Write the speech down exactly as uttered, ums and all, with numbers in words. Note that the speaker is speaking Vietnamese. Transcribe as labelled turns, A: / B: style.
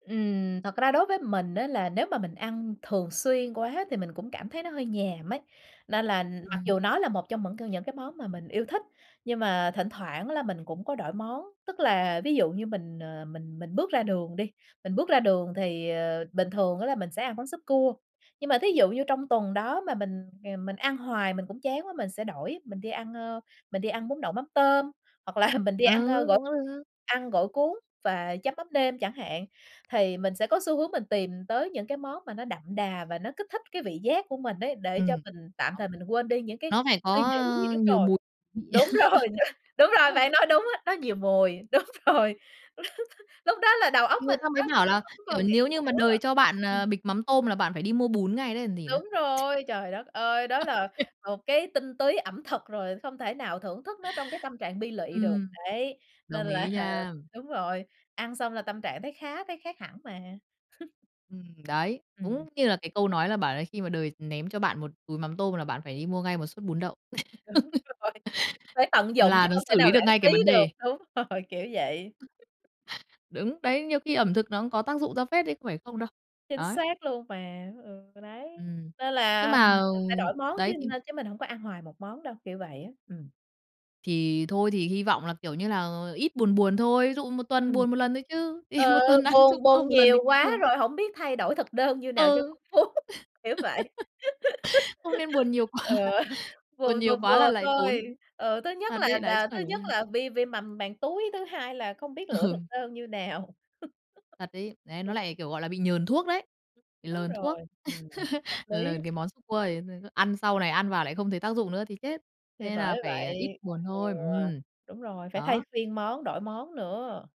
A: Ừm, thật ra đối với mình á là nếu mà mình ăn thường xuyên quá thì mình cũng cảm thấy nó hơi nhàm ấy, nên là mặc
B: Ừm.
A: dù nó là một trong mững c những cái món mà mình yêu thích, nhưng mà thỉnh thoảng là mình cũng có đổi món. Tức là ví dụ như mình, ờ, mình mình bước ra đường đi, mình bước ra đường thì, ờ, bình thường á là mình sẽ ăn món súp cua, nhưng mà thí dụ như trong tuần đó mà mình, ờ, mình ăn hoài mình cũng chán quá, mình sẽ đổi, mình đi ăn, ơ, mình đi ăn bún đậu mắm tôm, hoặc là mình đi ăn,
B: Ừ,
A: ơ, gỏi
B: cũng được.
A: ăn gỏi cuốn và chấm mắm nêm chẳng hạn, thì mình sẽ có xu hướng mình tìm tới những cái món mà nó đậm đà và nó kích thích cái vị giác của mình ấy, để cho
B: Ừm.
A: mình tạm
B: [unintelligible]
A: thời mình quên đi những cái
B: Nó phải
A: suy
B: có,
A: nghĩ
B: ơ,
A: đúng
B: nhiều
A: rồi,
B: mùi vị.
A: đúng rồi, đúng rồi, bạn nói đúng á, nó nhiều mùi, đúng rồi, lúc đó là đầu óc
B: Thì người
A: mình
B: ta
A: nó
B: mới
A: không
B: bảo là,
A: không
B: kiểu,
A: còn nghĩ
B: nếu
A: gì
B: như mà
A: nữa.
B: đời cho bạn,
A: Ừm.
B: à, bịch mắm tôm là bạn phải đi mua bún ngay đấy còn gì nữa.
A: Đúng rồi, trời đất ơi! Đó
B: Ô
A: là
B: kê.
A: một cái tinh túy ẩm thực rồi, không thể nào thưởng thức nó trong cái tâm trạng bi lụy được,
B: Ừm,
A: đấy, nên
B: đồng
A: là
B: ý nha.
A: đúng rồi, ăn xong là tâm trạng thấy khá, thấy khác hẳn mà.
B: Ừm, đấy,
A: Ừm.
B: đúng như là cái câu nói là bảo là khi mà đời ném cho bạn một túi mắm tôm là bạn phải đi mua ngay một suất bún đậu,
A: Đúng rồi, phải tận dụng chứ
B: là nó
A: không thể
B: xử
A: nào
B: lý được
A: lãng
B: ngay cái
A: phí
B: vấn
A: được,
B: đề.
A: đúng rồi, kiểu vậy.
B: Đúng, đấy, nhiều khi ẩm thực nó cũng có tác dụng ra phết đấy không phải không đâu.
A: Chính
B: Đấy.
A: xác luôn mà, ừ, đấy.
B: Ừm.
A: Nên
B: Nhưng
A: là
B: mà,
A: mình
B: ờ,
A: sẽ đổi món chứ
B: đấy,
A: n
B: thì
A: chứ mình hổng có ăn hoài một món đâu, kiểu vậy á, ừm.
B: Thì thôi thì hy vọng là, kiểu như là, ít buồn buồn thôi, ví dụ một tuần
A: Ừm.
B: buồn một lần thôi chứ, thì
A: Ừ,
B: một tuần ăn trừ
A: buồn
B: cơm
A: buồn
B: một lần
A: nhiều
B: thì cũng
A: quá
B: được.
A: rồi hổng biết thay đổi thực đơn như nào cho
B: Ừ.
A: phong phú, kiểu vậy.
B: Không nên buồn nhiều quá,
A: Ừ,
B: buồn
A: buồn
B: nhiều
A: vừa
B: quá là
A: vừa
B: lại tốn.
A: thôi. Ừ, thứ nhất
B: Thật
A: là
B: đấy, lại suốt
A: đà
B: ngày
A: thứ
B: phải đi
A: nhất
B: ăn.
A: là vi viêm mầm màng túi, thứ hai là không biết lựa thực
B: Ừ.
A: đơn như nào.
B: Thật ấy, đấy nó
A: Ừm.
B: lại, kiểu, gọi là, bị nhờn thuốc đấy, bị
A: Đúng
B: lờn
A: rồi,
B: thuốc,
A: ừm, hợp lý.
B: lờn cái món súp cua ấy, rồi cứ ăn sau này ăn vào lại không thấy tác dụng nữa thì chết,
A: Thì
B: nên là
A: bởi
B: phải ít
A: vậy.
B: buồn
A: Ừ,
B: thôi. Ừm.
A: đúng rồi, phải thay
B: Đó.
A: phiên món, đổi món nữa.